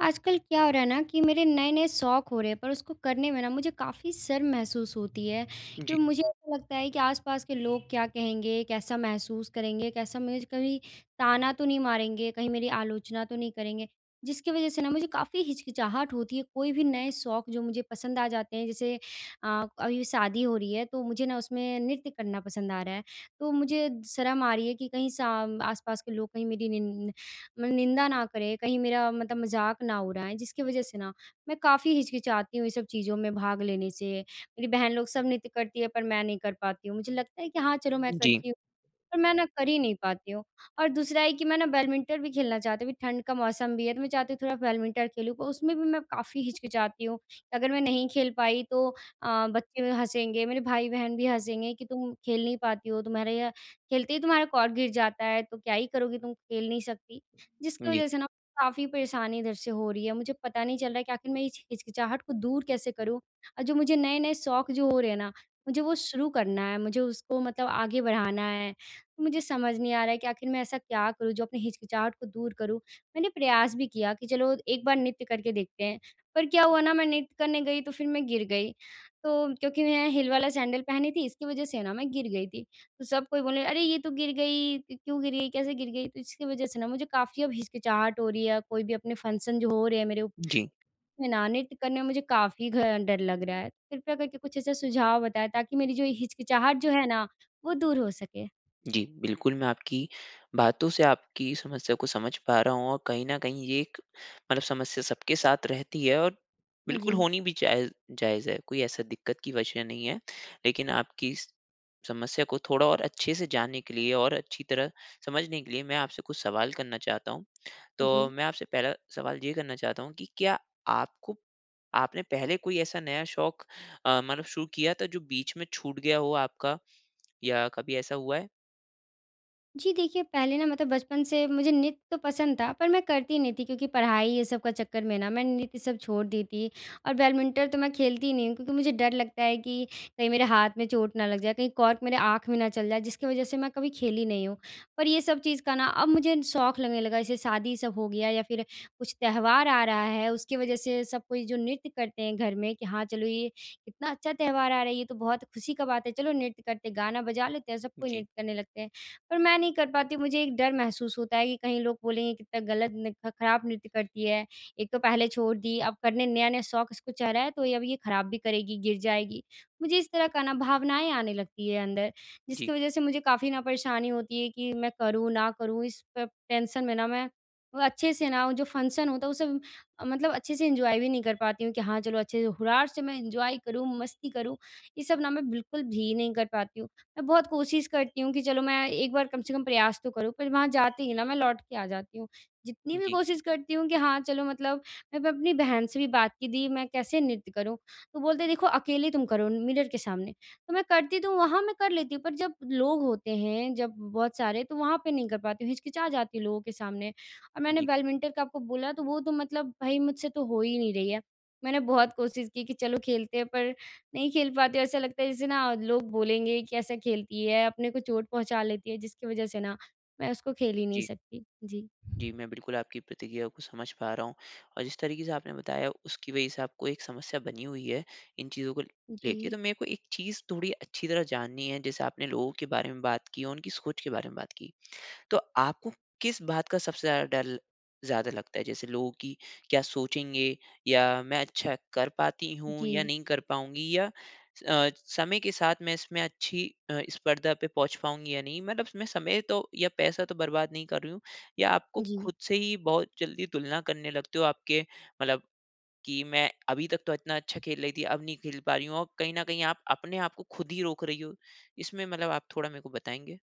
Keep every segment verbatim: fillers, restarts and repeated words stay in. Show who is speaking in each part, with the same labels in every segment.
Speaker 1: आजकल क्या हो रहा है ना कि मेरे नए-नए शौक़ हो रहे हैं, पर उसको करने में ना मुझे काफ़ी शर्म महसूस होती है।
Speaker 2: जी।
Speaker 1: क्यों मुझे ऐसा लगता है कि आसपास के लोग क्या कहेंगे, कैसा महसूस करेंगे, कैसा मुझे कभी ताना तो नहीं मारेंगे, कहीं मेरी आलोचना तो नहीं करेंगे, जिसकी वजह से ना मुझे काफ़ी हिचकिचाहट होती है। कोई भी नए शौक़ जो मुझे पसंद आ जाते हैं, जैसे अ, अभी शादी हो रही है, तो मुझे ना उसमें नृत्य करना पसंद आ रहा है। तो मुझे शर्म आ रही है कि कहीं साम आसपास के लोग कहीं मेरी निन् मन निंदा ना करें, कहीं मेरा मतलब मज़ाक ना उड़ाएँ, जिसकी वजह से ना मैं काफ़ी हिचकिचाती हूँ ये सब चीज़ों में भाग लेने से। मेरी बहन लोग सब नृत्य करती हैं पर मैं नहीं कर पाती हूँ। मुझे लगता है कि हाँ, चलो मैं
Speaker 2: जी।
Speaker 1: करती हूँ, पर मैं ना कर ही नहीं पाती हूँ। और दूसरा है कि मैं ना बैडमिंटन भी खेलना चाहती हूँ कि ठंड का मौसम भी है। तो मैं चाहती हूँ थोड़ा बैडमिंटन खेलूँ, पर उसमें भी मैं काफ़ी हिचकिचाती हूँ। अगर मैं नहीं खेल पाई तो अ, बच्चे हँसेंगे, मेरे भाई-बहन भी हँसेंगे कि, "तुम खेल नहीं पाती हो, तुम्हारे यह खेलते ही तुम्हारा कॉर्क गिर जाता है, तो क्या ही करोगी, तुम खेल नहीं सकती।" जिसकी
Speaker 2: जी।
Speaker 1: वजह से ना काफ़ी परेशानी इधर से हो रही है, मुझे पता नहीं चल रहा है कि आख़िर मैं इस हिचकिचाहट को दूर कैसे करूँ। अ, जो मुझे नए-नए शौक़ जो हो रहे ना, मुझे वो शुरू करना है, मुझे उसको मतलब आगे बढ़ाना है। मुझे समझ नहीं आ रहा है कि आख़िर मैं ऐसा क्या करूँ जो अपनी हिचकिचाहट को दूर करूँ। मैंने प्रयास भी किया कि चलो, एक बार नृत्य करके देखते हैं, पर क्या हुआ ना, मैं नृत्य करने गई तो फिर मैं गिर गई। तो क्योंकि मैं हील वाला सैंडल पहनी थी, इसकी वजह से ना मैं गिर गई थी। तो सब कोई बोले, "अरे, ये तो गिर गई, क क्यों गिरी, कैसे गिर गई?" तो इसकी वजह से ना मुझे काफ़ी अब हिचकिचाहट हो रही है या कोई भी अपने फ़ंक्शन जो हो रहे हैं मेरे
Speaker 2: जी।
Speaker 1: में ना नृत्य करने में मुझे काफ़ी घ डर लग रहा है। कृपया करके कुछ ऐसे सुझाव बताएँ ताकि मेरी जो हिचकिचाहट जो है ना, वो दूर हो सके।
Speaker 2: जी, बिल्कुल, मैं आपकी बातों से आपकी समस्या को समझ पा रहा हूँ, और कहीं न कहीं ये एक मतलब समस्या सबके साथ रहती है और बिल्कुल
Speaker 1: जी।
Speaker 2: होनी भी जायज़ जायज़ है, कोई ऐसा दिक़्क़त की वजह नहीं है। लेकिन आपकी इस समस्या को थोड़ा और अच्छे से जानने के लिए और अच्छी तरह समझने के लिए, मैं आपसे कुछ सवाल करना चाहता हूँ। तो
Speaker 1: जी।
Speaker 2: मैं आपसे पहला सवाल ये करना चाहता हूँ कि क्या आपको आपने पहले कोई ऐसा नया शौक़ अ, मानो शुरू किया था जो बीच में छूट गया हो आपका? या कभी ऐसा हुआ है?
Speaker 1: जी देखिए, पहले ना मतलब बचपन से मुझे नृत्य तो पसंद था। पर मैं करती नहीं थी क्योंकि पढ़ाई ये सब का चक्कर में ना मैं नृत्य सब छोड़ दी थी। और
Speaker 2: जी।
Speaker 1: बैडमिंटन तो मैं खेलती नहीं हूँ क्योंकि मुझे डर लगता है कि कहीं मेरे हाथ में चोट ना लग जाए, कहीं कॉर्क मेरे आँख में ना चल जाए जिसकी वज़ह से मैं कभी खेली नहीं हूँ। पर ये सब चीज़ का ना अब मुझे शौक लगने लगा जैसे शादी सब हो गया या फ़िर कुछ त्योहार आ रहा है। उसकी वज़ह से सब कोई जो नृत्य करते हैं घर में कि हाँ चलो ये कितना अच्छा त्योहार आ रहा है ये तो बहुत ख़ुशी का बात है, चलो नृत्य करते हैं गाना बजा लेते हैं सबको
Speaker 2: जी।
Speaker 1: नृत्य करने लगते हैं। पर मैं नहीं कर पाती हूँ मुझे एक डर महसूस होता है कि कहीं लोग बोलेंगे कितना ग़लत नृत्य ख़राब नृत्य करती है, एक तो पहले छोड़ दी अब करने नया-नया शौक़ इसको चढ़ा है तो अब ये ख़राब भी करेगी गिर जाएगी। मुझे इस तरह का ना भावनाएँ आने लगती है अंदर
Speaker 2: जी।
Speaker 1: जिसकी वज़ह से मुझे काफ़ी ना परेशानी होती है कि मैं करूँ ना करूँ इस प टेंशन में ना मैं वो अच्छे से ना वो जो फ़ंक्शन होता है उसे म मतलब अच्छे से एन्जॉय भी नहीं कर पाती हूँ कि हाँ, चलो अच्छे से हुरार से मैं एन्जॉय करूँ मस्ती करूँ ये सब ना मैं बिल्कुल भी नहीं कर पाती हूँ। मैं बहुत कोशिश करती हूँ कि चलो मैं एक बार कम से कम प्रयास तो करूँ पर वहाँ जाते ही ना मैं लौट के आ जाती हूँ। जितनी भी
Speaker 2: जी।
Speaker 1: कोशिश करती हूँ कि हाँ चलो मतलब मैं अपनी बहन से भी बात की दी मैं कैसे नृत्य करूँ तो बोलते हैं, "देखो अकेले तुम करो मिरर के सामने", तो मैं करती तो हूँ वहाँ मैं कर लेती हूँ। पर जब लोग होते हैं जब बहुत सारे तो वहाँ पे नहीं कर पाती हूँ हिचकिचा जाती हूँ लोगों के सामने और मैंने
Speaker 2: जी।
Speaker 1: बैडमिंटन का आपको बोला तो वो तो मतलब भई मुझसे तो हो ही नहीं रही है। मैंने बहुत कोशिश की कि चलो खेलते हैं पर नहीं खेल पाती ऐसा लगता है जैसे ना लोग बोलेंगे कि कैसा खेलती है अपने को चोट पहुँचा लेती है। जिसकी वजह से ना मैं उसको खेल ही नहीं
Speaker 2: जी।
Speaker 1: सकती। जी।
Speaker 2: जी। मैं बिल्कुल आपकी प्रतिक्रिया को समझ पा रहा हूँ। और जिस तरीक़े से आपने बताया उसकी वजह से आपको एक समस्या बनी हुई है इन चीज़ों को लेके।
Speaker 1: जी।
Speaker 2: तो मेको एक चीज़ थोड़ी अच्छी तरह जाननी है। जैसे आपने लोगों के बारे में बात की और उनकी सोच के बारे में बात की। तो आपको किस बात का सबसे ज़्यादा डर ज़्यादा लगता है? जैसे लोगों कि, क्या सोचेंगे या मैं अच्छा कर पाती हूँ या
Speaker 1: जी।
Speaker 2: नहीं कर पाऊँगी या अ, समय के साथ मैं इसमें अच्छी अ, स्पर्धा पे पहुँच पाऊँगी या नहीं? मतलब मैं समय तो या पैसा तो बर्बाद नहीं कर रही हूँ या आपको
Speaker 1: जी।
Speaker 2: ख़ुद से ही बहुत जल्दी तुलना करने लगते हो? आपके मतलब कि मैं अभी तक तो इतना अच्छा खेल रही थी। अब नहीं खेल पा रही हूँ। और कहीं न कहीं आप अपने आप को ख़ुद ही रोक रही हो। इसमें मतलब आप थोड़ा मेको बताएँगे?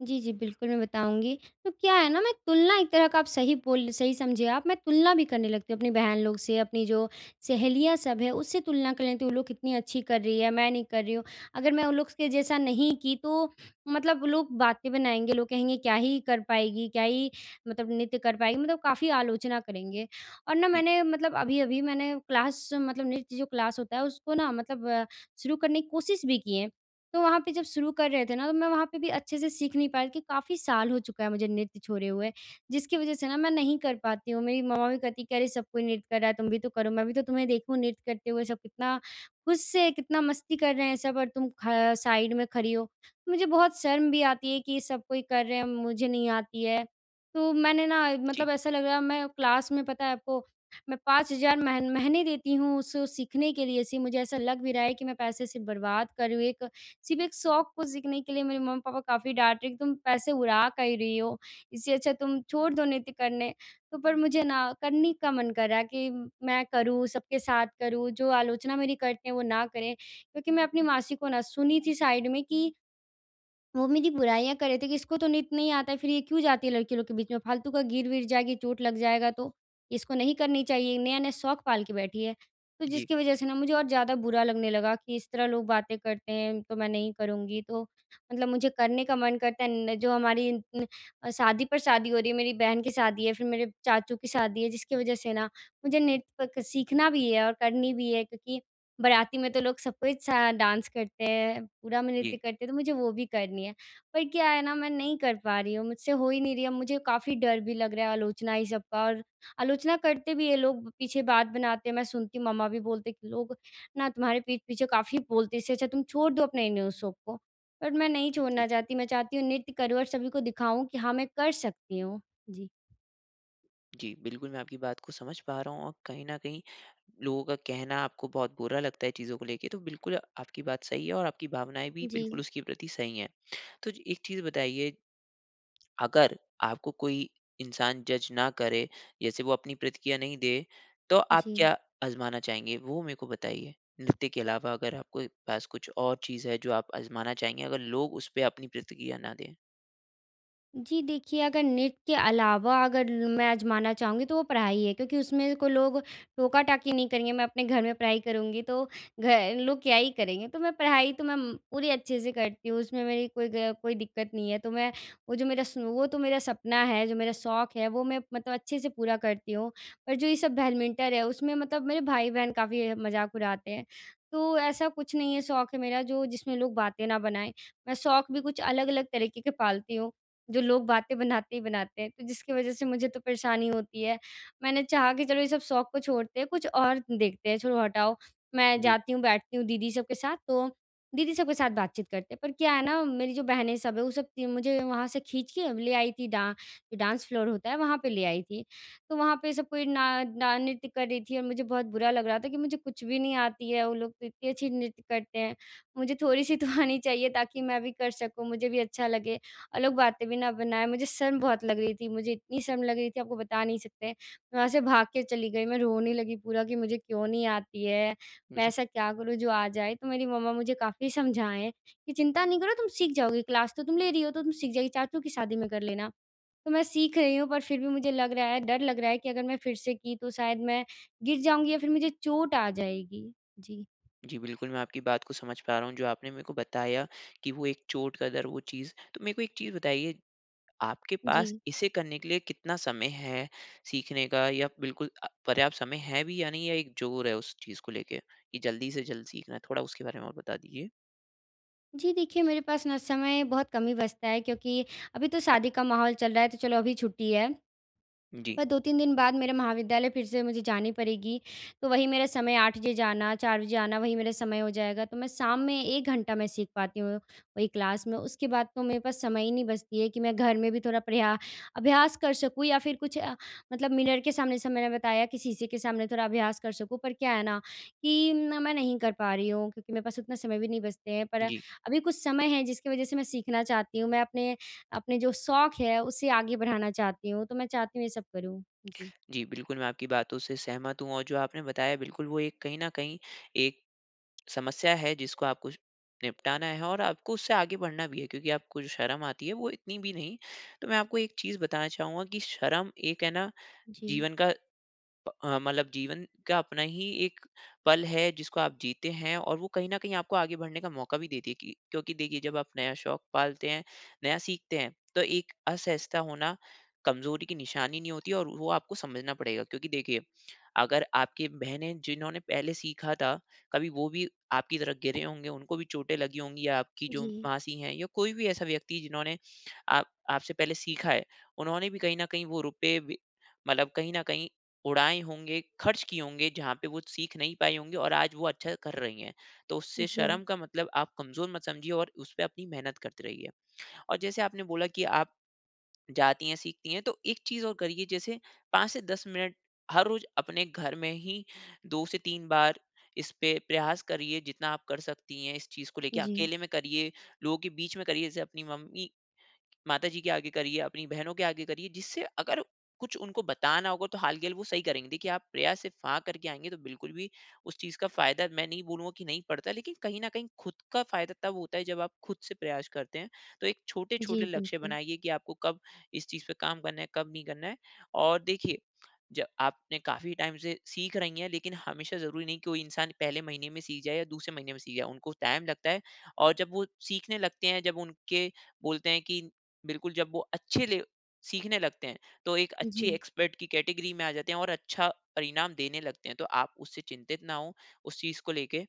Speaker 1: जी, जी बिल्कुल मैं बताऊँगी। तो क्या है न मैं तुलना एक तरह का आप सही बोल सही समझे आप मैं तुलना भी करने लगती हूँ अपनी बहन लोग से अपनी जो सहेलियाँ सब हैं उससे तुलना कल लेती हूँ। वो लोग कितनी अच्छी कर रही है मैं नहीं कर रही हूँ अगर मैं उन लोग के जैसा नहीं की तो मतलब लोग बातें बनाएँगे लोग कहेंगे क्या ही कर पाएगी क्या ही मतलब नृत्य कर पाएगी मतलब काफ़ी आलोचना करेंगे। और न
Speaker 2: जी।
Speaker 1: मैंने मतलब अभी-अभी मैंने क्लास मतलब नृत्य जो क्लास होता है उस को न मतलब अ, शुरू करने की कोशिश भी की है। तो वहाँ पे जब शुरू कर रहे थे न तो मैं वहाँ पे भी अच्छे से सीख नहीं पाई कि काफ़ी साल हो चुका है मुझे नृत्य छोड़े हुए। जिसकी वजह से न मैं नहीं कर पाती हूँ। मेरी मम्मा भी कहती कि अरे सब कोई नृत्य कर रहा है तुम भी तो करो मैं भी तो तुम्हें देखूँ नृत्य करते हुए। सब कितना खुश से कितना मस्ती कर रहे हैं सब और तुम ख साइड में खड़ी हो। मुझे बहुत शर्म भी आती है कि सब कोई कर रहे हैं मुझे नहीं आती है। तो मैंने न
Speaker 2: जी।
Speaker 1: मतलब ऐसा लग रहा है मैं क्लास में पता है आपको मैं पाँच हज़ार मह महीने देती हूँ उस उस सीखने के लिए सी मुझे ऐसा लग भी रहा है कि मैं पैसे सिर्फ़ बर्बाद कर रही हूँ। एक सिर्फ़ एक शौक को सीखने के लिए मेरे मम्मी-पापा काफ़ी डाँट रहे हैं कि तुम पैसे उड़ा काहे रही हो। इससे अच्छा तुम छोड़ दो नृत्य करने। तो पर मुझे न करनी का मन कर रहा है कि मैं करूँ सबके साथ करूँ, जो आलोचना मेरी करते हैं वो ना करें। क्योंकि मैं अपनी मासी को न सुनी थी साइड में कि वो मेरी बुराइयाँ कर रहे थे कि इसको तो नृत्य नहीं आता है फिर ये क्यों जाती है लड़की लोग के बीच में। फ़ालतू का गिर-विर जाएगी चोट लग जाएगा तो। इसको नहीं करनी चाहिए, नया-नया शौक पाल के बैठी है। तो
Speaker 2: जी।
Speaker 1: जिसकी वजह से न मुझे और ज़्यादा बुरा लगने लगा कि इस तरह लोग बातें करते हैं, तो मैं नहीं करूँगी तो मतलब मुझे करने का मन करता है न जो हमारी न शादी पर शादी हो रही है। मेरी बहन की शादी है फिर मेरे चाचू की शादी है जिसकी वजह से न मुझे नृत्य सीखना भी है और करनी भी है, क्योंकि बराती में तो लोग सबको डांस करते हैं ,पूरा में नृत्य
Speaker 2: जी।
Speaker 1: करते हैं। तो मुझे वो भी करनी है। पर क्या है न मैं नहीं कर पा रही हूँ मुझसे हो ही नहीं रही है, मुझे काफ़ी डर भी लग रहा है आलोचनाएँ सब का और आलोचना करते भी है लोग पीछे बात बनाते हैं। मैं सुनती हूँ मम्मा भी बोलते हैं कि लोग न तुम्हारे पीठ पीछे काफ़ी बोलते इससे अच्छा तुम छोड़ दो अपने न्यू शौक को। बट मैं नहीं
Speaker 2: जी।
Speaker 1: छोड़ना चाहती मैं चाहती हूँ नृत्य करूँ और सभी को दिखाऊँ कि हाँ मैं कर सकती हूँ। जी
Speaker 2: जी, बिल्कुल मैं आपकी बात को समझ पा रहा हूँ और कहीं न कहीं लोगों का कहना आपको बहुत बुरा लगता है चीज़ों को लेके। तो बिल्कुल आपकी बात सही है और आपकी भावनाएँ भी बिल्कुल
Speaker 1: जी।
Speaker 2: उसके प्रति सही हैं। तो जी, एक चीज़ बताइए अगर आपको कोई इंसान जज़ ना करे जैसे वो अपनी प्रतिक्रिया नहीं दे तो आप
Speaker 1: जी।
Speaker 2: क्या आज़माना चाहेंगी वो मेको बताइए? नृत्य के अलावा अगर आप कोई पास कुछ और चीज़ है जो आप आज़माना चाहेंगे अगर लोग उसपे अपनी प्रतिक्रिया न दें?
Speaker 1: जी। देखिए अगर नृत्य अलावा अगर मैं आज़माना चाहूँगी तो वो पढ़ाई है क्योंकि उसमें कोई लोग टोका-टाकी नहीं करेंगे। मैं अपने घर में पढ़ाई करूँगी तो गए लोग क्या ही करेंगे तो मैं पढ़ाई तो मैं उम पूरी अच्छे से करती हूँ। उसमें मेरी कोई ग कोई दिक़्क़त नहीं है तो मैं वो जो मेरा सो वो तो मेरा सपना है जो मेरा शौक है। वो मैं मतलब अच्छे से पूरा करती हूँ। और जो ये सब बैडमिंटन है उसमें मतलब मेरे भाई-बहन काफ़ी मज़ाक उड़ाते हैं तो ऐसा कुछ नहीं है शौक है मेरा जो जिसमें लोग बातें न बनाएँ। मैं शौक भी कुछ अलग-अलग तरीक़े के पालती हूँ जो लोग बातें बनाते ही बनाते हैं तो जिसकी वज़ह से मुझे तो परेशानी होती है। मैंने चाहा कि चलो ये सब शौक को छोड़ते हैं कुछ और देखते हैं छोड़ो हटाओ। मैं
Speaker 2: जी।
Speaker 1: जाती हूँ बैठती हूँ दीदी सब के साथ, तो दीदी सबके साथ बातचीत करते हैं पर क्या है ना मेरी जो बहनें सब है वो सब मुझे वहाँ से खींच के ले आई थी डां डांस फ़्लोर होता है वहाँ पे ले आई थी। तो वहाँ पे सब कोई ना ना नृत्य कर रही थी और मुझे बहुत बुरा लग रहा था कि मुझे कुछ भी नहीं आती है वो लोग तो इतनी अच्छी नृत्य करते हैं। मुझे थोड़ी-सी तो आनी चाहिए ताकि मैं भी कर सकूँ मुझे भी अच्छा लगे। और लोग बातें भी ना बनाएँ मुझे शर्म बहुत लग रही थी मुझे इतनी शर्म लग रही थी आपको बता नहीं सकते। मैं वहाँ से भाग के चली गई मैं रोने लगी पूरा कि मुझे क्यों नहीं आती है। मैं
Speaker 2: उहुँ।
Speaker 1: ऐसा क्या करूँ जो आ जाए। तो मेरी मम्मा मुझे काफ़ी समझाएँ कि चिंता नहीं करो तुम सीख जाओगी क्लास तो तुम ले रही हो तो तुम सीख जाओगी। चाचू की शादी में कर लेना। तो मैं सीख रही हूँ पर फ़िर भी मुझे लग रहा है डर लग रहा है कि अगर मैं फ़िर से की तो शायद मैं गिर जाऊँगी या फ़िर मुझे चोट आ जाएगी। जी।
Speaker 2: जी, बिल्कुल मैं आपकी बात को समझ पा रहा हूँ जो आपने मेरे को बताया कि वो एक चोट का डर वो चीज़। तो मेरे को एक चीज़ बताइए आपके पास
Speaker 1: जी।
Speaker 2: इसे करने के लिए कितना समय है सीखने का या बिल्कुल अ, पर्याप्त समय है भी या नहीं या एक ज़ोर है उस चीज़ को लेके कि जल्दी से जल्द सीखना है? थोड़ा उसके बारे में और बता दीजिए।
Speaker 1: जी, देखिए मेरे पास ना समय बहुत कम ही बचता है क्योंकि अभी तो शादी का माहौल चल रहा है, तो चलो अभी छुट्टी है।
Speaker 2: जी।
Speaker 1: पर दो तीन दिन बाद मेरे महाविद्यालय फिर से मुझे जानी पड़ेगी। तो वही मेरा समय आठ बजे जाना, चार बजे आना, वही मेरा समय हो जाएगा। तो मैं शाम में एक घंटा मैं सीख पाती हूँ वही क्लास में। उसके बाद तो मेरे पास समय ही नहीं बचती है कि मैं घर में भी थोड़ा प्रया अभ्यास कर सकूँ या फिर कुछ अ, मतलब मिरर के सामने जैसे मैंने बताया कि शीशे के सामने थोड़ा अभ्यास कर सकूँ। पर क्या है ना कि ना मैं नहीं कर पा रही हूँ क्योंकि मेरे पास उतना समय भी नहीं बचते हैं। पर,
Speaker 2: जी।
Speaker 1: अभी कुछ समय है जिसकी वजह से मैं सीखना चाहती हूँ। मैं अपने, अपने जो शौक़ है, उसे आगे बढ़ाना चाहती हूँ। तो मैं चाहती हूँ ये सब करूँ। जी।
Speaker 2: जी, बिल्कुल, मैं आपकी बातों से सहमत हूँ और जो आपने बताया, बिल्कुल, वो एक कहीं न कहीं एक समस्या है, जिसको आपको श निपटाना है और आपको उससे आगे बढ़ना भी है क्योंकि आपको जो शर्म आती है, वो इतनी भी नहीं। तो मैं आपको एक चीज़ बताना चाहूँगा कि शर्म एक है ना,
Speaker 1: जी।
Speaker 2: जीवन का प अ, मतलब जीवन का अपना ही एक पल है, जिसको आप जीते हैं और वो कहीं न कहीं आपको आगे बढ़ने का मौका भी दे देगी। क्योंकि देखिए, जब आप नया शौक़ पालते हैं, नया सीखते हैं, तो एक असहजता होना कमज़ोरी की निशानी नहीं होती और वो आपको समझना पड़ेगा। क्योंकि देखिए, अगर आपकी बहनें जिन्होंने पहले सीखा था, कभी वो भी आपकी तरह गिरे होंगे, उनको भी चोटें लगी होंगी, या आपकी जो
Speaker 1: जी।
Speaker 2: मासी हैं या कोई भी ऐसा व्यक्ति जिन्होंने आप आपसे पहले सीखा है, उन्होंने भी कहीं न कहीं वो रुपए भी मतलब कहीं न कहीं उड़ाए होंगे, खर्च किए होंगे जहाँ पे वो सीख नहीं पाई होंगी और आज वो अच्छा कर रही हैं। तो उससे
Speaker 1: जी।
Speaker 2: शर्म का मतलब आप कमज़ोर मत समझिए और उस पे अपनी मेहनत करते रहिए। और जैसे आपने बोला कि आप जाती हैं, सीखती हैं, तो एक चीज़ और करिए जैसे पाँच से दस मिनट हर रोज़ अपने घर में ही दो से तीन बार इस पे प्रयास करिए, जितना आप कर सकती हैं इस चीज़ को लेके।
Speaker 1: जी।
Speaker 2: अकेले में करिए, लोगों के बीच में करिए, जैसे अपनी मम्मी माताजी के आगे करिए, अपनी बहनों के आगे करिए, जिससे अगर कुछ उनको बताना होगा, तो हाल के हाल वो सही करेंगे। देखिए, आप प्रयास से फ़ा करके आएँगे, तो बिल्कुल भी उस चीज़ का फायदा मैं नहीं बोलूँगा कि नहीं पड़ता है, लेकिन कहीं न कहीं खुद का फायदा तब होता है जब आप खुद से प्रयास करते हैं। तो एक छोटे-छोटे
Speaker 1: जी,
Speaker 2: लक्ष्य
Speaker 1: बिल्कुल।
Speaker 2: बनाइए कि आपको कब इस चीज़ पे काम करना है, कब नहीं करना है। और देखिए, ज आपने काफ़ी टाइम से सीख रही हैं, लेकिन हमेशा ज़रूरी नहीं कि वो इंसान पहले महीने में सीख जाए या दूसरे महीने में सीख जाए, उनको टाइम लगता है। और जब वो सीखने लगते हैं, जब उनके बोलते हैं कि बिल्कुल जब वो अच्छे ले सीखने लगते हैं, तो एक अच्छे
Speaker 1: जी।
Speaker 2: एक्सपर्ट की कैटेगरी में आ जाते हैं और अच्छा परिणाम देने लगते हैं। तो आप उससे चिंतित ना हों, उस चीज़ को लेके।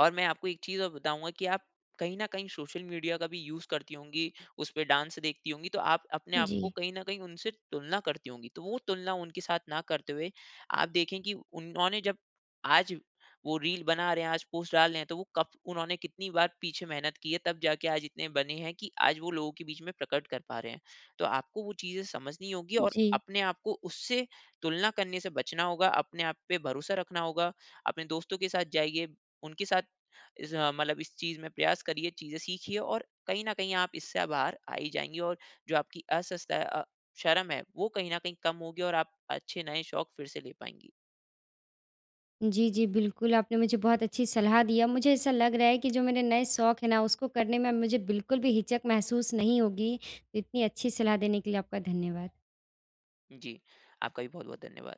Speaker 2: और मैं आपको एक चीज़ और बताऊँगा कि आप कहीं न कहीं सोशल मीडिया का भी यूज़ करती होंगी, उस पे डांस देखती होंगी, तो आप अपने आप को
Speaker 1: जी।
Speaker 2: कहीं न कहीं उनसे तुलना करती होंगी, तो वो तुलना उनके साथ ना करते हुए, आप देखें कि उन्होंने जब आज वो रील बना रहे हैं, आज पोस्ट डाल रहे हैं, तो वो कब उन्होंने कितनी बार पीछे मेहनत की है, तब जाके आज इतने बने हैं कि आज वो लोगों के बीच में प्रकट कर पा रहे हैं। तो आपको वो चीज़ें समझनी होगी और
Speaker 1: जी।
Speaker 2: अपने आप को उससे तुलना करने से बचना होगा, अपने आप पे भरोसा रखना होगा। अपने दोस्तों के साथ जाइए, उनके साथ इस अ, मतलब इस चीज़ में प्रयास करिए, चीज़ें सीखिए और कहीं न कहीं आप इससे बाहर आ ही जाएँगी। और जो आपकी असजता है, अ शर्म है, वो कहीं न कहीं कम होगी और आप अच्छे नए शौक़ फिर से ले पाएँगी।
Speaker 1: जी, जी। बिल्कुल, आपने मुझे बहुत अच्छी सलाह दी है। अब मुझे ऐसा लग रहा है कि जो मेरे नए शौक़ है ना, उसको करने में अब मुझे बिल्कुल भी हिचक महसूस नहीं होगी। इतनी अच्छी सलाह देने के लिए आपका धन्यवाद।
Speaker 2: जी। आपका भी बहुत-बहुत धन्यवाद।